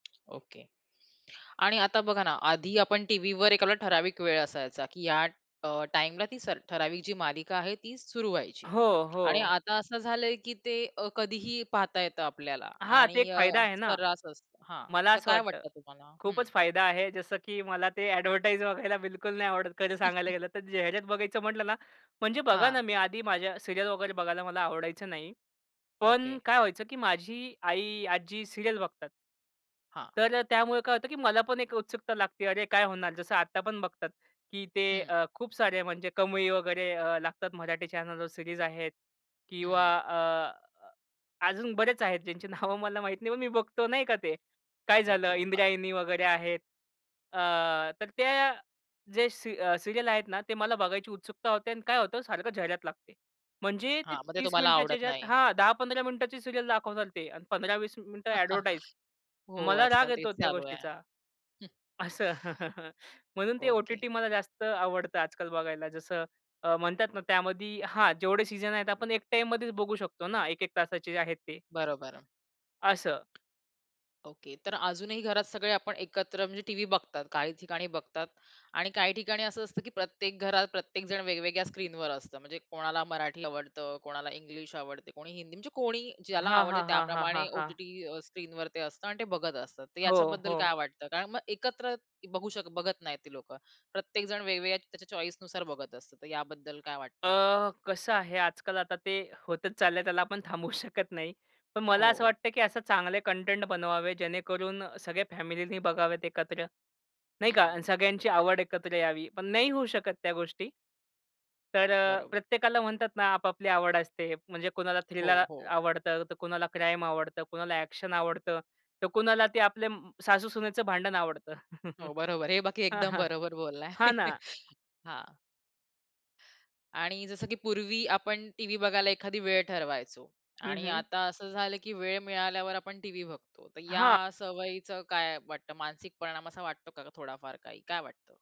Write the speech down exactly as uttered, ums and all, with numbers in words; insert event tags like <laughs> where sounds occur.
Okay आणि आता बघा ना, आधी आपण टीव्हीवर एखादा ठराविक वेळ असायचा, की या अ, टाईमला ती स ठराविक जी मालिका आहे ती सुरु व्हायची. हो, आणि हो. आता असं झालंय, की ते अ, कधीही पाहता येतं आपल्याला हां, ते आणि एक अ, फायदा आहे ना, सर्रास असत हां, मला तर असं काय वाटतं. वाटतं तुम्हाला? हं. खूपच फायदा आहे जसं की मला ते अ‍ॅडव्हर्टाइज बघायला बिलकुल नाही आवडत खरं सांगायला गेलं तर. <chuckles> जाहिरात बघायचं म्हटलं ना, म्हणजे बघा हां. ना मी आधी माझ्या सीरियल वगैरे बघायला मला आवडायचं नाही. पण ओके. काय व्हायचं की माझी आई, आज्जी सीरियल बघतात. हां. तर अ, त्यामुळे काय होतं की मला पण एक उत्सुकता लागते, "अरे, काय होणार," जसं आत्ता पण बघतात की ते हं. अ, खूप सारे म्हणजे कमई वगैरे अ, लागतात मराठी चॅनलवर सीरीज आहेत हं, किंवा हं. अ, अजून बरेच आहेत, ज्यांची नावं मला माहीत नाही, पण मी बघतो नाही का, ते काय झालं ओके. अ इंद्रायणी वगैरे आहेत. अ, तर त्या जे सी सीरियल आहेत ना, ते मला बघायची उत्सुकता होते अन् काय होतं, सारखं जाहिरात लागते. म्हणजे ते हां, मग ते तीस तुम्हाला मिनिटचे आवडत ज्यात नाही. हां, दहा पंधरा मिनिटाचे सीरियल दाखवतात ते आणि पंधरा वीस मिनिटं अ‍ॅडव्हर्टाइज. <chuckles> हो, मला राग आजकाल तेच येतो त्या चालू आहे. गोष्टीचा, हं. असं. <laughs> म्हणून ते ओके. ओ-टी-टी मला जास्त आवडतं आजकाल बघायला. जसं अ, म्हणतात ना, त्यामध्ये हां, जेवढे सीझन आहेत आपण एक टाईममध्येच बघू शकतो ना, एक एक तासाचे जे आहेत ते. बरोबर. असं. ओके, तर अजूनही घरात सगळे आपण एकत्र म्हणजे टीव्ही बघतात, काही ठिकाणी बघतात आणि काही ठिकाणी असं असतं की प्रत्येक घरात प्रत्येक जण वेगवेगळ्या स्क्रीनवर असतं. म्हणजे कोणाला मराठी आवडतं, कोणाला इंग्लिश आवडते, कोणी हिंदी म्हणजे कोणी ज्याला हां, आवडते, हां, हां, हां, त्याप्रमाणे हां, हां. ओ-टी-टी अ, स्क्रीनवर ते असतं आणि ते बघत असतात. तर हो, याच्याबद्दल हो. काय वाटतं, कारण मग एकत्र बघू शक बघत नाहीत ते लोकं. प्रत्येक जण वेगवेगळ्या त्याच्या चॉईसनुसार बघत असतं, तर याबद्दल काय अ, वाटतं? <whistles> कसं आहे आजकाल आता ते होतच चाललंय त्याला आपण थांबवू शकत नाही. पण मला असं हो. वाटतं की असे चांगले कंटेंट बनवावे, जेणेकरून अ, सगळ्या फॅमिलीनी बघावेत एकत्र, नाही का, हं. सगळ्यांची आवड एकत्र यावी. पण नाही होऊ शकत त्या गोष्टी. तर अ, बरोबर. प्रत्येकाला म्हणतात ना आपापली आवड असते. म्हणजे कुणाला हो, थ्रिलर हो. आवडतं, तर कुणाला क्राईम आवडतं, कोणाला अ‍ॅक्शन आवडतं, तर कुणाला ते आपले सासू-सुनेचं भांडण आवडतं. <chuckles> हो, बरोबर. हे बाकी हं, एकदम हं. बरोबर बोललाय. हां ना. <chuckles> हां. आणि जसं की पूर्वी आपण टीव्ही बघायला एखादी वेळ ठरवायचो हं, आणि हं. आता असं झालं, की वेळ मिळाल्यावर आपण टीव्ही बघतो. तर हां. या सवयीचं काय वाटतं मानसिक परिणाम असा वाटतो का, थोडा फार काही, काय वाटतं?